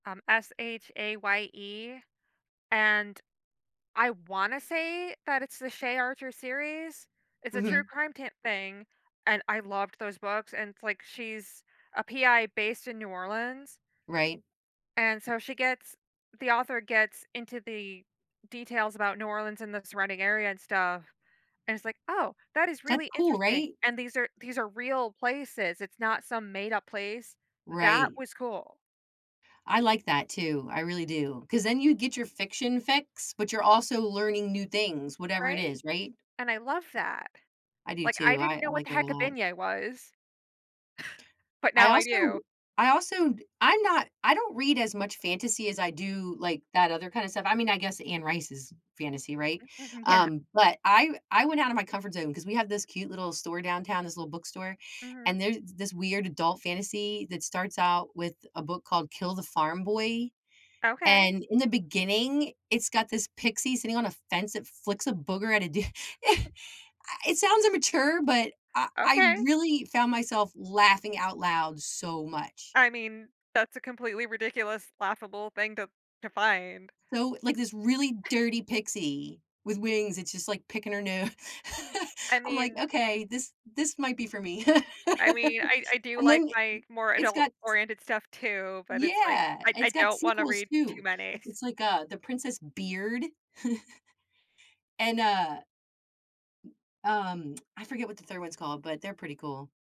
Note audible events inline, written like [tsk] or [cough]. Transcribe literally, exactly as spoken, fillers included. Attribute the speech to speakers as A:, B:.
A: Um, S-H-A-Y-E, and I wanna say that it's the Shaye Archer series. It's a true
B: Mhm.
A: crime tam thing, and I loved those books, and it's, like, she's a PI based in New Orleans
B: Right.
A: and so she gets the author gets into the details about New Orleans and the surrounding area and stuff, and it's like, "Oh, that is
B: That's
A: really
B: cool,
A: interesting,"
B: right?
A: and these are these are real places, it's not some made-up place. That
B: Right.
A: was cool.
B: I like that too, I really do, 'cause then you get your fiction fix, but you're also learning new things, whatever it
A: Right?
B: is, right?
A: And I love that.
B: I do
A: Like, I
B: too. I
A: didn't
B: I
A: know what
B: like
A: the
B: that a
A: heck a
B: lot.
A: beignet was, [chuckles] but
B: I
A: now I
B: also
A: do.
B: I also d I'm not I don't read as much fantasy as I do like that other kinda stuff I mean, I guess Anne Rice is fantasy, right?
A: Mhm, yeah.
B: Um, but I w I went outta my comfort zone 'cause we have this cute little store downtown, this little bookstore,
A: Mhm.
B: and there's this weird adult fantasy that starts out with a book called Kill the Farm Boy,
A: Okay.
B: and in the beginning, it's got this pixie sitting on a fence that flicks a booger at a d [chuckles] a It sounds immature, but I I
A: Okay.
B: really found myself laughing out loud so much.
A: I mean, that's a completely ridiculous, laughable thing to to find.
B: So, like, this really
A: [chuckles]
B: dirty pixie with wings, it's just like picking her no [laughs]
A: I
B: I'm like,
A: mean
B: "Okay, this this might be for me." [laughs]
A: I mean, I I do
B: And
A: like
B: then i
A: my more
B: it's got s
A: adult-oriented stuff too, but it's like,
B: Yeah,
A: I I
B: it's got
A: don't wanna
B: sequels
A: read too
B: too.
A: many. [chuckles]
B: It's like, uh, The Princess Beard, [chuckles] and, uh, um, [tsk] I forget what the third one's called, but they're pretty cool.